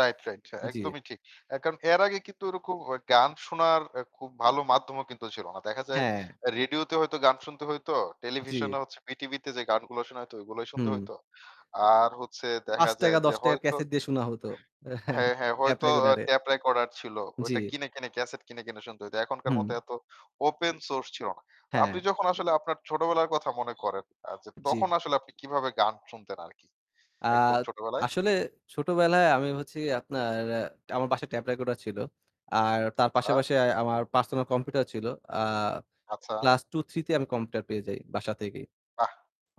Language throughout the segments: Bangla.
রাইট, রাইট হ্যাঁ, জ্বী। একদমই ঠিক, এ কারণ এর আগে কিন্তু ওরকম ও গান শোনার আ খুব ভালো মাধ্যমও কিন্তু ছিল না। দেখা যায় হ্যাঁ। রেডিওতে হয়তো গান শুনতে হইত। জ্বী। টেলিভিশনে হচ্ছে বিটিভিতে যে গানগুলো শুনা হইতো ঐগুলাই শুনতে হুম। হইত। আর হচ্ছে পাঁচ দেখা যায় টাকা যে ৳১০ -র হয়তো ক্যাসেট দিয়ে শোনা হত হ্যাঁ, হ্যাঁ হয়তো আ ট্যাপ-রেকর্ডারে। ট্যাপ রেকর্ডার ছিল, ওইটা জ্বি। কিনে, কিনে ক্যাসেট কিনে, কিনে শুনতে হইত, এখনকার মতো হুম। এত ওপেন সোর্স ছিল না। তো আপনি হ্যাঁ। যখন আসলে আপনার ছোটবেলার কথা মনে করেন আ যে জি। তখন আসলে আপনি কিভাবে গান শুনতেন আরকি আ একদম ছোটবেলায়? আসলে ছোটবেলায় আমি হচ্ছি আপনার আমার বাসায় ট্যাপ-রেকর্ডার ছিল। আর তার পাশে, আচ্ছা। পাশে আমার পার্সোনাল কম্পিউটার ছিল আ আচ্ছা। ক্লাস 2, 3 তে আমি কম্পিউটার পেয়ে যাই বাসা থেকেই। বাহ!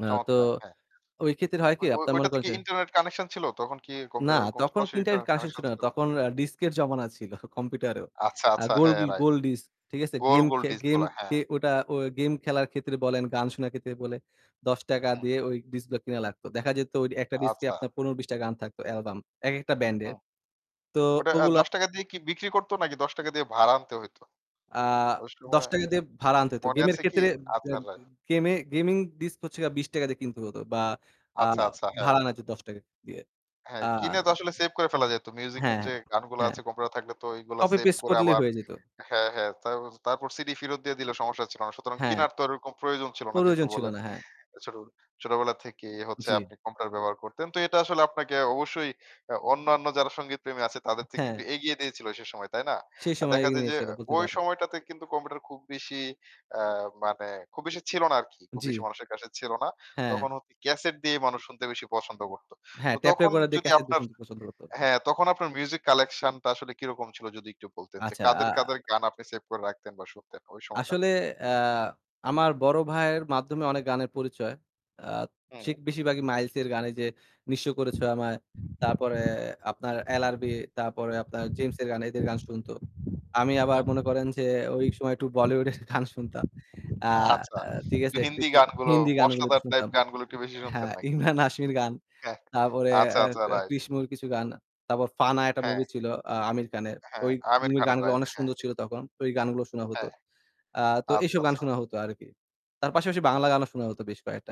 আ তো চমৎকার, হ্যাঁ, ওই ক্ষেত্রে হয় কি হ্যাঁ। ঐ আপনার মনে ঐটাতে করেন কি যে ইন্টারনেট কানেকশন ছিল? তখন কি না কম্পিউটারের ওরকম তখন সরাসরি ইন্টারনেট ইন্টারনেট কানেকশন কানেকশন ছিল না ছিল? তখন আ ডিস্কের জমানা ছিল কম্পিউটারেও। আচ্ছা, আ আচ্ছা, গোল হ্যাঁ ডি রাইট। গোল ডিস্ক। ঠিক আছে? গোল, গেম গোল খে ডিস্ক গেম গুলা হ্যাঁ। কে ওটা অ গেম খেলার ক্ষেত্রে বলেন গান শোনার ক্ষেত্রে বলে ৳১০ হুম। দিয়ে ওই ডিস্কগুলা কিনা লাগতো। দেখা যেত ওই ১টা ডিস্কে আচ্ছা। আপনার ১৫ ২০ টা গান থাকত অ্যালবাম, একেকটা হু, হু। ব্যান্ডের। তো ওটা আ ওগুলা ৳১০ দিয়ে কি বিক্রি করতো নাকি ৳১০ দিয়ে ভাড়া আনতে হইতো? আ ওই দশ সময় টাকা দিয়ে ভাড়া আনতে হত। মনে গেমের আছে কি? ক্ষেত্রে বে আচ্ছা, রাইট। গেমে গেমিং ডিস্ক হচ্ছে গিয়া ৳২০ দিয়ে কিনতে হতো বা আ আচ্ছা, আচ্ছা, হ্যাঁ। ভাড়া আনা যেত ৳১০ দিয়ে। হ্যাঁ, আ কিনে তো আসলে সেভ করে ফেলা যাইত। মিউজিকের হ্যাঁ যে গানগুলা ,হ্যাঁ। আছে কম্পিউটার থাকলেতো ঐগুলা সেভ কপি-পেস্ট করে করলেই আবার হয়ে যেত। হ্যাঁ, হ্যাঁ, তারপ তারপর সিডি ফিরত দিয়ে দিলেও সমস্যা ছিল না। সুতরাং হ্যাঁ। কিনারতো ওরকম প্রয়োজন ছিল না যেহেতু প্রয়োজন ছিল বলেন। না, হ্যাঁ। ছোটবে ছোটবেলা থেকেই হচ্ছে জ্বী। আপনি কম্পিউটার ব্যবহার করতেন তো এটা আসলে আপনাকে অবশ্যই আ অন্যান্য যারা সংগীতপ্রেমী আছে তাদের থেকে একটু হ্যাঁ। এগিয়ে দিয়েছিল সে সময়, তাই না? সেই আর সময় দেখা এগিয়ে যায়যে নিয়েছিল আ বলতে ওই পারেন। সময়টাতে কিন্তু কম্পিউটার খুব বেশি আ মানে খুব বেশি ছিল না আরকি, খুব বেশি জ্বি। মানুষের কাছে ছিল না। হ্যাঁ। তখন হ ক্যাসেট দিয়ে মানুষ শুনতে বেশি পছন্দ করত। তো হ্যাঁ তখন ট্যাপ-রেকর্ডার দিয়ে যদি ক্যাসেট আপনার [unintelligible] পছন্দ করত। হ্যাঁ, তখন আপনার মিউজিক কালেকশনটা আসলে কিরকম ছিল? যদি একটু বলতেন যে আচ্ছা, আ কাদের, কাদের গান আপনি সেভ করে রাখতেন বা শুনতেন ওই আসলে সময়টাতে? আ আমার বড় ভাইয়ের মাধ্যমে অনেক গানের পরিচয়। সে হুম। বেশিরভাগই মাইলসের গানে এইযে নিঃস করেছে আমায় তারপরে আপনার 'এলআরবি' তারপরে আপনার জেমসের গানে এদের গান শুনতো। আমি আবার হুম। মনে করেন যে ঐ সময় একটু বলিউডের গান শুনতাম। আ আচ্ছা। ঠিক একটু আছে? হিন্দি হিদ গানগুলো, হিন্দি গানগুলো একটু মশলাদার টাইপ শুনতাম। গানগুলো একটু বেশি শুনতেন হ্যাঁ, নাকি? ইমরান হাশমির গান, হ্যাঁ, তারপরে আচ্ছা, আ আচ্ছা এ রাইট। 'কৃষ' মুভির কিছু গান তারপর 'ফানা' একটা হ্যাঁ। মুভি ছিল আ আমির খানের। হ্যাঁ, ওই আমির মুভির খানের গানগুলো রাইট, অনেক হ্যাঁ। সুন্দর ছিল তখন, ওই গানগুলো শোনা হত। হ্যাঁ। আ তো আচ্ছা, এইসব গান আচ্ছা। শোনা হতো আরকি তার পাশাপাশি রাইট। বাংলা গানও শোনা হত বেশ কয়েকটা।